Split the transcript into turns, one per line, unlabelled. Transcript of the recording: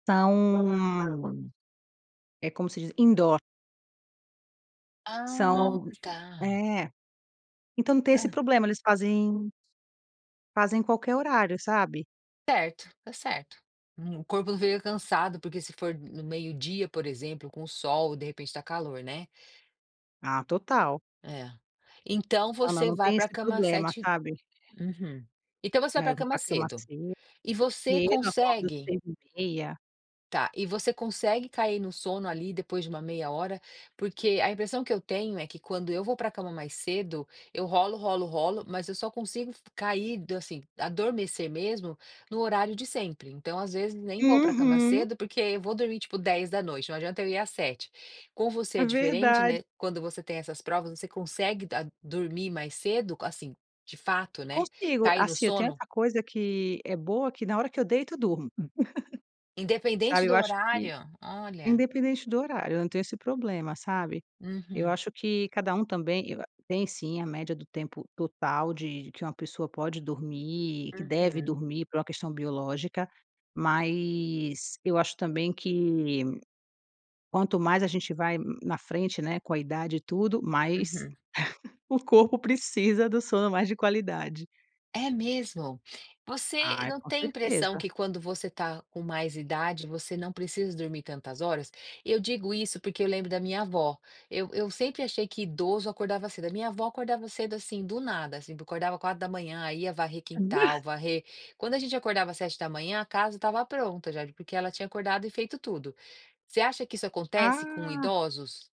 São, é como se diz, indoor.
Ah,
São
tá.
é, então tem esse
Hã.
problema eles fazem fazem qualquer horário, sabe.
Certo, tá certo. O corpo fica cansado porque se for no meio-dia por exemplo com o sol, de repente tá calor, né.
Ah, total.
É. Então
Não, não,
você
não
vai
tem
pra
esse
cama
problema,
7
sabe.
uhum. Então você vai
Não,
pra
eu vou
cama
pra cama
cedo.
cedo,
E você
cedo, acordo
consegue
6h30.
Tá. E você consegue cair no sono ali depois de uma meia hora? Porque a impressão que eu tenho é que quando eu vou pra cama mais cedo, eu rolo, rolo, rolo, mas eu só consigo cair assim, adormecer mesmo no horário de sempre. Então às vezes nem vou pra cama
Uhum.
cedo, porque eu vou dormir, tipo 22h, não adianta eu ir às 19h. Com você
É
é diferente,
verdade.
né, quando você tem essas provas você consegue da dormir mais cedo, assim, de fato, né,
Consigo,
cair no
assim, eu tenho
sono?
essa coisa que é boa, que na hora que eu deito eu durmo.
Independente
Sabe, eu
do
acho que
horário? Olha.
independente do horário, eu não tenho esse problema, sabe. Eu
Uhum.
acho que cada um também eu a tem sim a média do tempo total de que uma pessoa pode dormir, que deve
Uhum.
dormir por uma questão biológica, mas eu acho também que quanto mais a gente vai na frente, né, com a idade e tudo, mais
Uhum.
o corpo precisa do sono mais de qualidade.
É mesmo? Você
Ai,
não
com
tem impressão
certeza.
que quando você tá com mais idade você não precisa dormir tantas horas? Eu digo isso porque eu lembro da minha vó. Eu eu sempre achei que idoso acordava cedo, a minha avó acordava cedo, assim, do nada, assim, acordava 4h, ia varrer quintal, varrer quando a gente acordava às 7h a casa estava pronta já, porque ela tinha acordado e feito tudo. Você acha que isso acontece com
Ah.
idosos?